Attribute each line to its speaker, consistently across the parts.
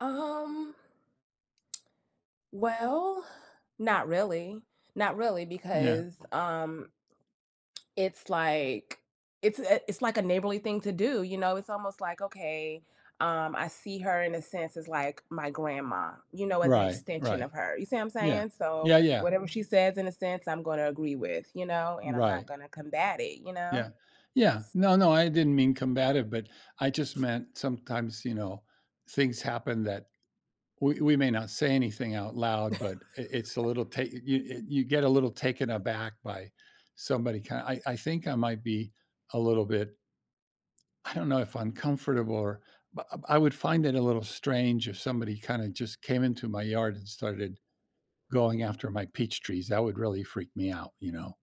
Speaker 1: Um Well, not really. Not really,
Speaker 2: Yeah.
Speaker 1: because, um it's like it's a it it's like a neighborly thing to do, you know? It's almost, like, okay, um, I see her, in a sense, as like my grandma, you know, as an
Speaker 2: Right,
Speaker 1: extension
Speaker 2: right.
Speaker 1: of her, you see what I'm
Speaker 2: Yeah.
Speaker 1: saying? So,
Speaker 2: Yeah, yeah.
Speaker 1: whatever she says, in a sense, I'm gonna agree with, you know, and I'm not
Speaker 2: Right.
Speaker 1: gonna combat it, you know?
Speaker 2: Yeah. Yeah.
Speaker 1: S
Speaker 2: No, no, I didn't mean combative, but I just meant sometimes, you know, things happen that we we may not say anything out loud, but, i it's a little ta you e you get a little taken aback by somebody, kin I I think I might be a little bit I don't know if uncomfortable, or but, uh, I would find it a little strange if somebody kinda just came into my yard and started going after my peach trees. That would really freak me out, you know,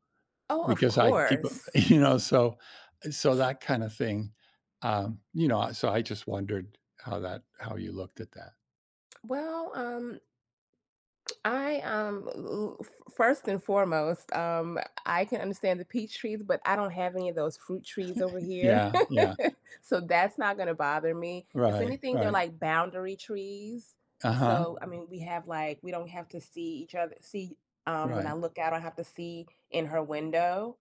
Speaker 1: Oh, of
Speaker 2: because I keep
Speaker 1: course.
Speaker 2: e you know, so, uh, so, that kind of thing, um, you know, I so, I just wondered how that how you looked at that.
Speaker 1: Well, um, I, um, u u f first and foremost, um, I I can understand the peach trees, but I don't have any of those fruit trees over here,
Speaker 2: Yeah, yeah.
Speaker 1: so, that's not gonna bother me. If
Speaker 2: Right.
Speaker 1: anything, they're
Speaker 2: Right.
Speaker 1: like boundary trees,
Speaker 2: Uh-huh.
Speaker 1: so, I mean, we have, like we don't have to see each othe see um, when I
Speaker 2: Right.
Speaker 1: look out, I don't have to see in her window,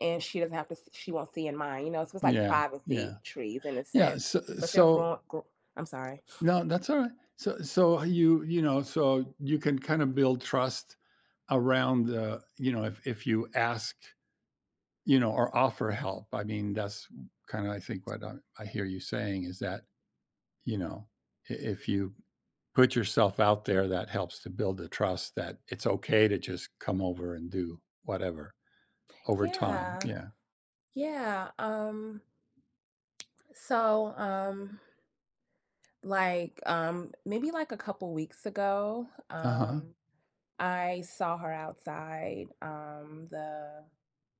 Speaker 1: and she doesn't have to s she won't see in mine, you know? So, it's like
Speaker 2: Yeah, yeah.
Speaker 1: privacy trees in a
Speaker 2: Yeah,
Speaker 1: sense,
Speaker 2: s
Speaker 1: but they're
Speaker 2: so
Speaker 1: gro g I'm sorry.
Speaker 2: No, that's alright. So so, you, you know, so, you can kinda build trust, around the you know if if you ask, you know, or offer help. I mean, that's w kinda I think, what I I hear you saying, is that, you know, i if you put yourself out there that helps to build the trust, that it's okay to just come over and do whatever over time,
Speaker 1: Yeah.
Speaker 2: yeah.
Speaker 1: Yeah, um, so, um, like, um, maybe, like, a couple weeks ago,
Speaker 2: Uh-huh.
Speaker 1: um, I saw her outside, um, the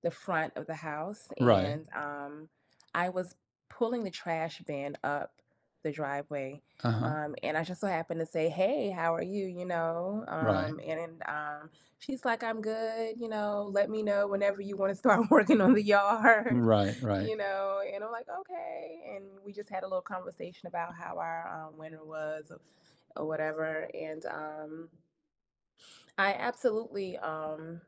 Speaker 1: the front of the house,
Speaker 2: Right.
Speaker 1: and, um, I was pulling the trash bin up the driveway,
Speaker 2: Uh-huh.
Speaker 1: um, and I just so happened to say, "Hey, how are you," you know,
Speaker 2: Right.
Speaker 1: um, and, uh, she's like, "I'm good, you know, let me know whenever you wanna start working on the yard,"
Speaker 2: Right,
Speaker 1: you
Speaker 2: right.
Speaker 1: know, and I'm like, "Okay," and we just had a little conversation about how our, um, winter was o or whatever and, um I absolutely, um